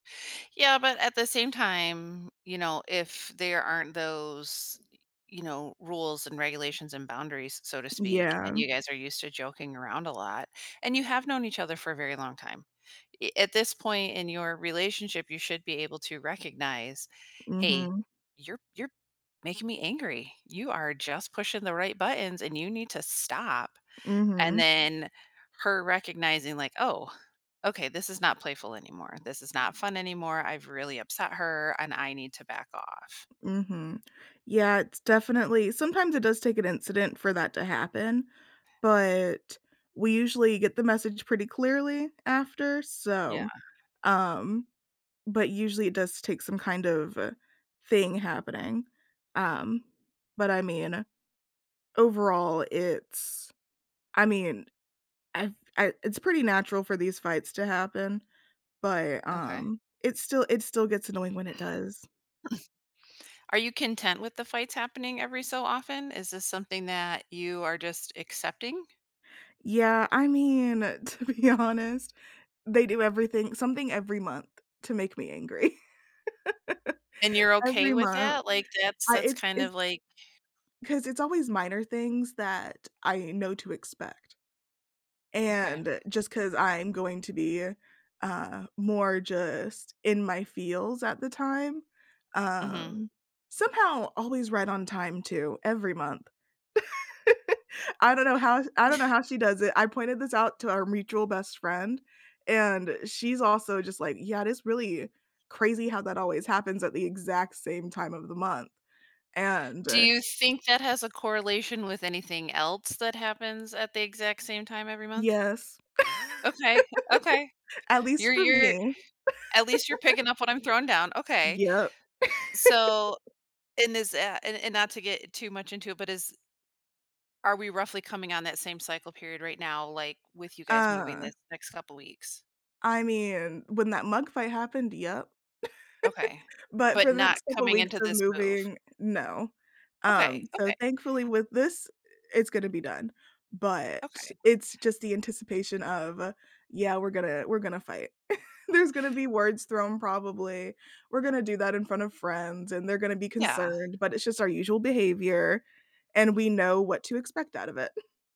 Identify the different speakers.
Speaker 1: Yeah, but at the same time, you know, if there aren't those, y you know, rules and regulations and boundaries, s so to speak, and
Speaker 2: Yeah.
Speaker 1: you guys are used to joking around a lot, and you have known each other for a very long time. Eh, at this point in your relationship, you should be able to recognize, "Hey,
Speaker 2: Mhm.
Speaker 1: you're you're making me angry, you are just pushing the right buttons and you need to stop." And
Speaker 2: Mhm.
Speaker 1: then, her recognizing, like, "Oh, okay, this is not playful anymore, this is not fun anymore. I've really upset her, and I need to back off."
Speaker 2: Mhm. Yeah, it's definitely sometimes it does take an incident for that to happen, but we usually get the message pretty clearly after,
Speaker 1: Yeah.
Speaker 2: so um, but usually, it does take some kind of, uh, thing happening. Um, but I mean, overall, it's I mean, I've I it's pretty natural for these fights to happen, but,
Speaker 1: Okay.
Speaker 2: um, it still it still gets annoying when it does.
Speaker 1: Are you content with the fights happening every so often? Is this something that you are just accepting?
Speaker 2: Yeah, I mean, to be honest, they do everything something every month to make me angry.
Speaker 1: And you're okay
Speaker 2: Every
Speaker 1: with
Speaker 2: month,
Speaker 1: that? Like, that's
Speaker 2: I
Speaker 1: that's
Speaker 2: it's
Speaker 1: kind
Speaker 2: it's
Speaker 1: of like
Speaker 2: 'Cause it's always minor things that I know to expect.
Speaker 1: Okay.
Speaker 2: And, just 'cause I'm going to be, uh, more just in my feels at the time,
Speaker 1: Mhm.
Speaker 2: um, somehow always right on time too every month. I don't know how sh I don't know how she does it, I pointed this out to our mutual best friend, and she's also just like, "Yeah, it is really crazy how that always happens at the exact same time of the month," and,
Speaker 1: Do
Speaker 2: eh
Speaker 1: you think that has a correlation with anything else that happens at the exact same time every month?
Speaker 2: Yes.
Speaker 1: Okay, okay,
Speaker 2: At least
Speaker 1: you're
Speaker 2: for
Speaker 1: you're
Speaker 2: me.
Speaker 1: at least you're picking up what I'm throwing down, okay.
Speaker 2: Yep.
Speaker 1: So, in this a and and not to get too much into it, but is Are we roughly coming on that same cycle period right now, like, with you guys moving
Speaker 2: Uh
Speaker 1: this next couple weeks?
Speaker 2: I mean, when that mug fight happened, yep.
Speaker 1: Okay.
Speaker 2: But
Speaker 1: But
Speaker 2: for the
Speaker 1: not
Speaker 2: next couple
Speaker 1: coming
Speaker 2: weeks
Speaker 1: into
Speaker 2: of
Speaker 1: this move.
Speaker 2: moving, no. Um,
Speaker 1: Okay,
Speaker 2: so
Speaker 1: okay.
Speaker 2: thankfully, with this, i it's gonna be done. But
Speaker 1: Okay.
Speaker 2: it's just the anticipation of, uh, "Yeah, we're gonna we're gonna fight." There's gonna be words thrown probably, we're
Speaker 1: H
Speaker 2: gonna do that in front of friends, and they're gonna be
Speaker 1: Yeah.
Speaker 2: concerned, but it's just our usual behavior, and we know what to expect out of it.